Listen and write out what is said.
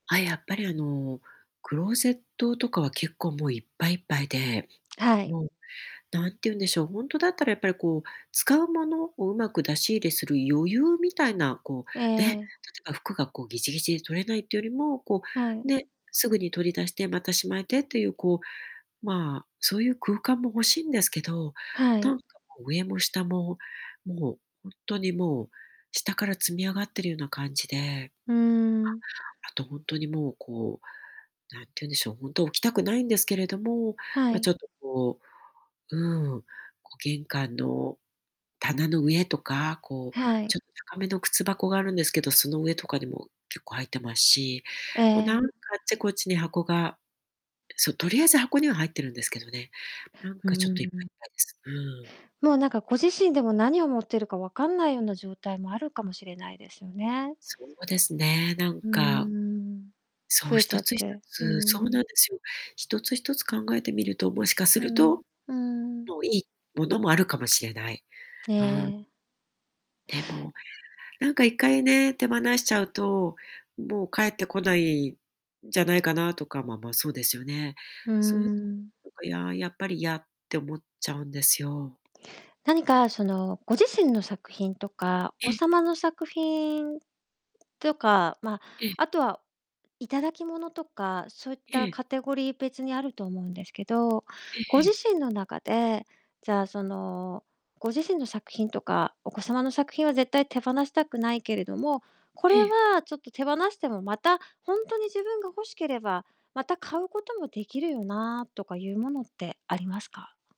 あ、やっぱりあの、クローゼットとかは結構もういっぱいいっぱいで、はい。もう何て言うんでしょう、ほんとだったらやっぱりこう、使うものを上手く出し入れする余裕みたいな、こえうね、例ええ。ば服がこう、ギチギチで取れないっていうよりも、こはう、い。ね、すぐに取り出して、また仕舞えてっていう、こう、まあ、そういう空間も欲しんですけど、はない。んかもう上も下も、もうほんとにもう、下から積み上がってるような感じでうーん。あと、ほんとにもう、こう、何て言うんでしょう、ほんと置きたくないんですけれども、はま、ちい。ょっとこう、うん、こう玄関の棚の上とか、こう、はい。ちょっと高めの靴箱があるんですけど、その上とかにも結構入ってますし、えもうなんえ。かあっちこっちに箱がそう、とりあえず箱には入ってるんですけどね。なんうんかうちょっんといっうんぱういん。いっぱいです。うん。もうなんかご自身でも、何を持ってるか分かんないような状態もあるかもしれないですよね。そうですね、なんうーかん。そ増う、えちゃ一っつ一て、うつ、そうなん。んですよ。一つ一つ考えてみると、もしかすうるん、と、うんうん。もういいものもあるかもしれない。えうん。え。でも、なんか一回ね、手放しちゃうともう帰ってこない、じゃないかなとか、まあまあ、そうですよね。うーそういうとこ、ん。なんか、ややっぱりやって思っちゃうんですよ。何かそのご自身の作品とか、えごえ。様の作品とか、まええ。あ、あとは頂き物とか、そういっえたえ。カテゴリー別にあると思うんですけど、えごええ自え。身の中で、じゃあその、ご自身の作品とかお子様の作品は絶対手放したくないけれども、これええ。はちょっと手放しても、またほんとに自分が欲しければ、また買うことも出来るよな、とかいうものってありますか？